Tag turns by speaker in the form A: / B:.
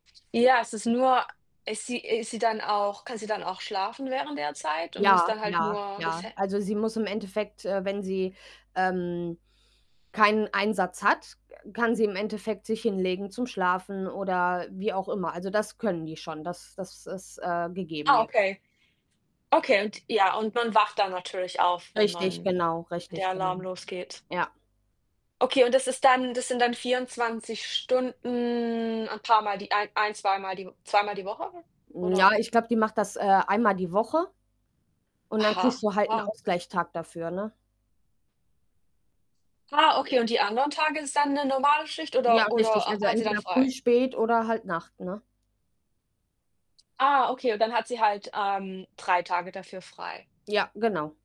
A: Ja, es ist nur ist sie i ist sie dann auch kann sie dann auch schlafen während der Zeit und muss
B: Ja,
A: da halt
B: ja,
A: nur das
B: ja.
A: He
B: Also, sie muss im Endeffekt, äh wenn sie, ähm, keinen Einsatz hat, kann sie im Endeffekt sich hinlegen zum Schlafen oder wie auch immer. Also, das können die schon, das das ist, äh, gegeben
A: Ah,
B: je
A: okay. Okay, und ja, und man wacht dann natürlich auf, wenn
B: Richtig,
A: man
B: genau,
A: wenn der
B: richtig, genau.
A: Alarm losgeht.
B: Ja.
A: Okay, und das ist dann das sind dann 24 Stunden, ein paarmal die ein ein zweimal die W zweimal die Woche,
B: Hm, ja,
A: oder
B: ich glaube, die macht das, äh, einmal die Woche, und dann kriegst
A: Aha,
B: du halt 'n
A: ah.
B: Ausgleich-Tag dafür, ne?
A: Ah, okay und die anderen Tage ist dann 'ne normale Schicht,
B: Ja,
A: oder
B: richtig.
A: oder,
B: Also
A: äh, hat sie dann
B: entweder früh,
A: frei?
B: spät oder halt Nacht, ne?
A: Ah, okay und dann hat sie halt, ähm, 3 Tage dafür frei.
B: Ja, genau.